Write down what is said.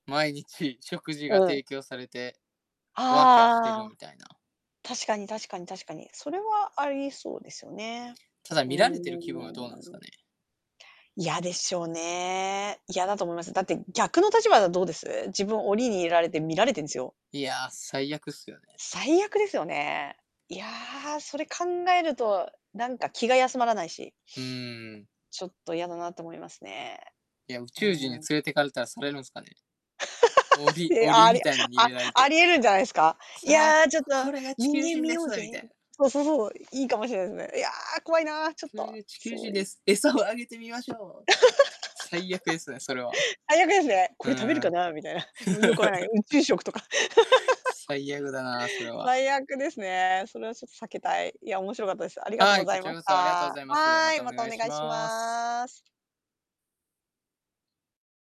毎日、食事がうん。提供されて、わあ、きゃあ、してあるあ。みたいな。確かに確かに確かに、それはありえそうですよね。ただ、うー見られてる気分はどうなんすん。かね？嫌でしょうね。嫌だと思います。だって逆の立場はどうです？自分、檻に入れられて見られてんすよ。いや、最悪っすよね。最悪ですよね。いや、それ考えると、なんか、気が休まらないし。うーん。ちょっと嫌だなと思いますね。いや、宇う宙人にーん。連れて行かれたらされるんすかね。檻、え、檻ありみたいのにあ入れられあてりえるんじゃないすか？い「さあ、や、ちょっと、ここれが地球「人間人見でよす」うぜ」みたいな。そうそうそう。いいかもしれないですね。いや、怖いな、ちょっ「これとが地球そう人いでう。す。餌をあげてみましょう」とか言って。最悪ですね、それは。最悪ですね、う「これ食べるーかん。な」みたいな、も、よくわからない宇宙食とか。最悪だな、それは。最悪ですね。それはちょっと避けたい。いや面白かったです。ありがとうはごい、こざいちまらしこそありがとうごた。ざいます。まはい、たおまたお願いし願いします。ます。